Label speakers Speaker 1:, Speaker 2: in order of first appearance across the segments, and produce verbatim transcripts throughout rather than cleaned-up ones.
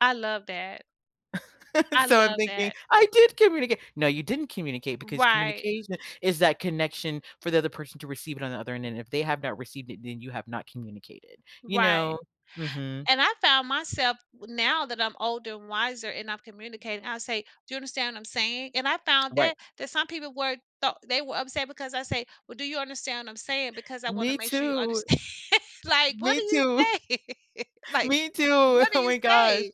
Speaker 1: I love that. I
Speaker 2: So I'm
Speaker 1: love
Speaker 2: thinking,
Speaker 1: that.
Speaker 2: "I did communica" No, you didn't communicate because
Speaker 1: Right.
Speaker 2: communication is that connection for the other person to receive it on the other end, and if they have not received it, then you have not communicated, you
Speaker 1: Right.
Speaker 2: know? Mhm.
Speaker 1: And I found myself, now that I'm older and wiser, and I've communicated, I'll say, "Do you understand what I'm saying," and I found
Speaker 2: Right.
Speaker 1: that that some people were tho they were upset because I say, "Well, do you understand what I'm saying, because I want to
Speaker 2: Me
Speaker 1: make sure you
Speaker 2: too.
Speaker 1: understand," like, what
Speaker 2: Me
Speaker 1: do you
Speaker 2: too.
Speaker 1: say, like,
Speaker 2: Me too,
Speaker 1: what do
Speaker 2: oh
Speaker 1: you
Speaker 2: my gosh.
Speaker 1: say?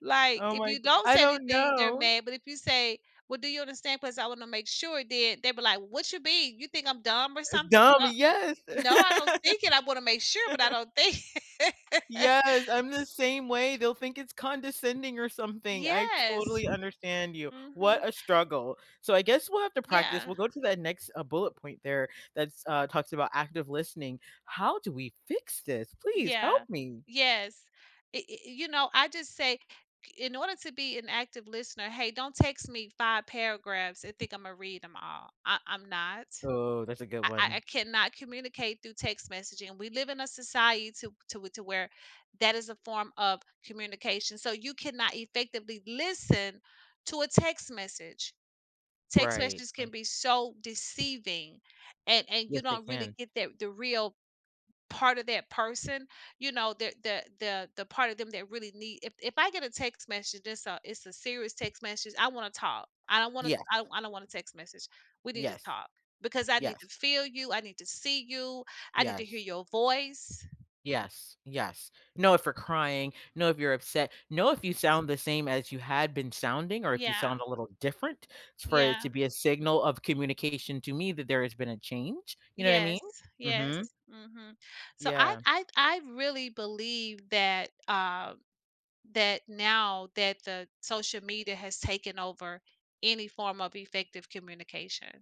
Speaker 1: Like,
Speaker 2: Oh
Speaker 1: if
Speaker 2: my
Speaker 1: you
Speaker 2: g
Speaker 1: don't
Speaker 2: I
Speaker 1: say
Speaker 2: don't
Speaker 1: anything, they're
Speaker 2: know.
Speaker 1: mad, but if you say, "Well, do you understand, 'cause I wanna make sure," then, they be like, "What's your beef? You think I'm dumb or
Speaker 2: Uh,
Speaker 1: something?"
Speaker 2: dumb,
Speaker 1: "What
Speaker 2: yes.
Speaker 1: No, I don't think it, I wanna make sure, but I don't think" S s
Speaker 2: Yes, I'm the same way. They'll think it's condescending or something, I
Speaker 1: Yes,
Speaker 2: totally understand you.
Speaker 1: mhm.
Speaker 2: What a struggle, so I guess we'll have to practice,
Speaker 1: Yeah.
Speaker 2: we'll go to that next, uh, bullet point there that's uh, talks about active listening. How do we fix this? Please help
Speaker 1: Yeah,
Speaker 2: me.
Speaker 1: yes. I i i you know, I just say, in order to be an active listener, "Hey, don't text me five paragraphs and think Imma read 'em all. I I'm not,
Speaker 2: Oh, that's a good
Speaker 1: I I I
Speaker 2: one.
Speaker 1: cannot communicate through text messaging, and we live in a societo to to where that is a form of communication, so you cannot effectively listen to a text message." Text
Speaker 2: Right,
Speaker 1: messages
Speaker 2: righ
Speaker 1: can be so deceiving, and and you
Speaker 2: Yes they
Speaker 1: don't really
Speaker 2: can.
Speaker 1: get that the real part of that person, you know, the the the the part of them that really need if if I get a text message it's a it's a serious text message, I wanna talk, I don't wanna
Speaker 2: Yes.
Speaker 1: I I don't wanna text message. We need to
Speaker 2: Yes,
Speaker 1: talk because I need
Speaker 2: yes.
Speaker 1: to feel you, I need to see you, I need to hear
Speaker 2: Yes.
Speaker 1: your voice.
Speaker 2: Yes, yes. No, if you're crying. No, if you're upset. No, if you sound the same as you had been sounding, or if you sound
Speaker 1: Yeah.
Speaker 2: a little different s for it to
Speaker 1: Yeah.
Speaker 2: be a signal of communication to me that there has been a change, you know what I mean?
Speaker 1: Yes, yes,
Speaker 2: Mhm.
Speaker 1: mhm. So I
Speaker 2: Yeah.
Speaker 1: I I really believe that, uh, that now, that the social media has taken over any form of effective communication.